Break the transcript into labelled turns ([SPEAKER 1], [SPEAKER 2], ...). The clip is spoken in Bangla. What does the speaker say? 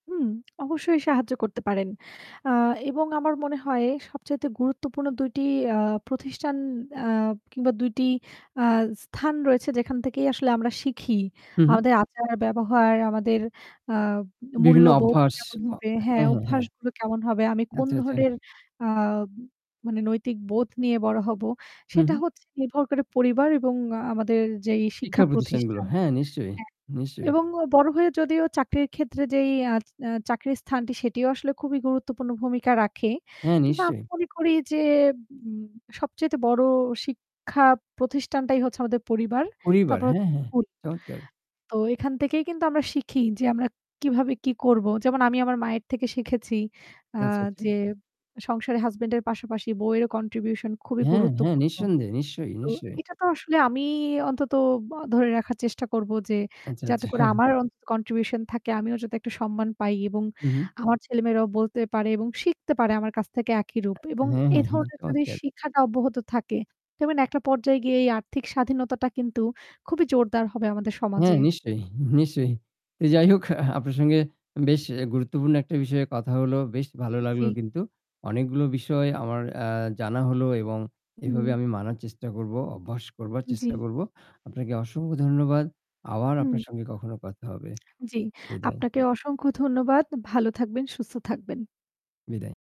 [SPEAKER 1] হুম, অবশ্যই সাহায্য করতে পারেন আ এবং আমার মনে হয় সবচাইতে গুরুত্বপূর্ণ ২ টি আ প্রতিষ্ঠান আ কিংবা ২ টি আ স্থান রয়েছে যেখান থেকেই আসলে আমরা শিখি।
[SPEAKER 2] হু, হু।
[SPEAKER 1] আমাদের আচার, ব্যবহার আমাদের আ
[SPEAKER 2] বিভিন্ন
[SPEAKER 1] মূল্যবোধ
[SPEAKER 2] অভ্যাস
[SPEAKER 1] কেমন
[SPEAKER 2] অ
[SPEAKER 1] হবে, হ্যাঁ,
[SPEAKER 2] হ্যাঁ, হ্যাঁ, হ্যাঁ।
[SPEAKER 1] অভ্যাসগুলো কেমন হবে আমি কোন
[SPEAKER 2] আচ্ছা, আচ্ছা।
[SPEAKER 1] ধরনের আ মানে নৈতিক বোধ নিয়ে বড়ো হবো
[SPEAKER 2] হুম,
[SPEAKER 1] সেটা
[SPEAKER 2] হুম।
[SPEAKER 1] হচ্ছে নির্ভর করে পরিবার এবং আ আমাদের যেই
[SPEAKER 2] শিক্ষা
[SPEAKER 1] শিক্ষা
[SPEAKER 2] প্রতিষ্ঠানগুলো।
[SPEAKER 1] প্রতিষ্ঠান
[SPEAKER 2] হ্যাঁ নিশ্চয়ই,
[SPEAKER 1] হ্যাঁ,
[SPEAKER 2] নিশ্চয়ই।
[SPEAKER 1] এবং অ বড় হয়ে যদিও চাকরির ক্ষেত্রে যেই আ আ চাকরির স্থানটি সেটিও আসলে খুবই গুরুত্বপূর্ণ ভূমিকা রাখে।
[SPEAKER 2] হ্যাঁ
[SPEAKER 1] কিন্তু আমি
[SPEAKER 2] নিশ্চয়ই।
[SPEAKER 1] মনে করি যে ম সবচাইতে বড় শিক্ষা প্রতিষ্ঠানটাই হচ্ছে আমাদের পরিবার।
[SPEAKER 2] পরিবার
[SPEAKER 1] তারপর
[SPEAKER 2] হ্যাঁ,
[SPEAKER 1] হচ্ছে
[SPEAKER 2] হ্যাঁ।
[SPEAKER 1] স্কুল।
[SPEAKER 2] চমৎকার!
[SPEAKER 1] তো এখান থেকেই কিন্তু আমরা শিখি যে আমরা কিভাবে কি করবো। যেমন আমি আমার মায়ের থেকে শিখেছি। আ
[SPEAKER 2] আচ্ছা, আচ্ছা।
[SPEAKER 1] যে সংসারে হাসব্যান্ড এর পাশাপাশি বউয়েরও কন্ট্রিবিউশন খুবই
[SPEAKER 2] হ্যাঁ, হ্যাঁ
[SPEAKER 1] গুরুত্বপূর্ণ।
[SPEAKER 2] নিঃসন্দেহে নিশ্চয়ই,
[SPEAKER 1] তো
[SPEAKER 2] নিশ্চয়ই।
[SPEAKER 1] এটা তো আসলে আমি অন্তত ব ধরে রাখার চেষ্টা করব যে
[SPEAKER 2] আচ্ছা,
[SPEAKER 1] যাতে করে
[SPEAKER 2] আচ্ছা।
[SPEAKER 1] আমার অন্তত কন্ট্রিবিউশন থাকে, আমিও যাতে একটা সম্মান পাই এবং
[SPEAKER 2] হু, হু।
[SPEAKER 1] আমার ছেলে-মেয়েরাও বলতে পারে এবং শিখতে পারে আমার কাছ থেকে একই রূপ।
[SPEAKER 2] আ
[SPEAKER 1] এবং
[SPEAKER 2] হ্যাঁ,
[SPEAKER 1] এ
[SPEAKER 2] হ্যাঁ,
[SPEAKER 1] ধরনের যদি
[SPEAKER 2] চমৎকার!
[SPEAKER 1] শিক্ষাটা অব্যাহত থাকে। তবে না একটা পর্যায়ে গিয়ে এই আর্থিক স্বাধীনতাটা কিন্তু খুবই জোরদার হবে আমাদের সমাজে।
[SPEAKER 2] হ্যাঁ নিশ্চয়ই, নিশ্চয়ই। তো যাই হোক আ আপনার সঙ্গে বেশ এ গুরুত্বপূর্ণ একটা বিষয়ে কথা হল। বেশ ভালো লাগলো
[SPEAKER 1] জ্বী।
[SPEAKER 2] কিন্তু। অনেকগুলো বিষয় আমার আ জানা হলো এবং এভাবে
[SPEAKER 1] হুম।
[SPEAKER 2] আমি মানার চেষ্টা করব। অভ্যাস করবার চেষ্টা
[SPEAKER 1] জ্বি।
[SPEAKER 2] করব। আপনাকে অসংখ্য ধন্যবাদ। আবার আপনার
[SPEAKER 1] হু।
[SPEAKER 2] সঙ্গে কখনো কথা হবে।
[SPEAKER 1] জ্বি,
[SPEAKER 2] বিদায়।
[SPEAKER 1] আপনাকে অসংখ্য ধন্যবাদ। ভালো থাকবেন, সুস্থ থাকবেন।
[SPEAKER 2] বিদায়।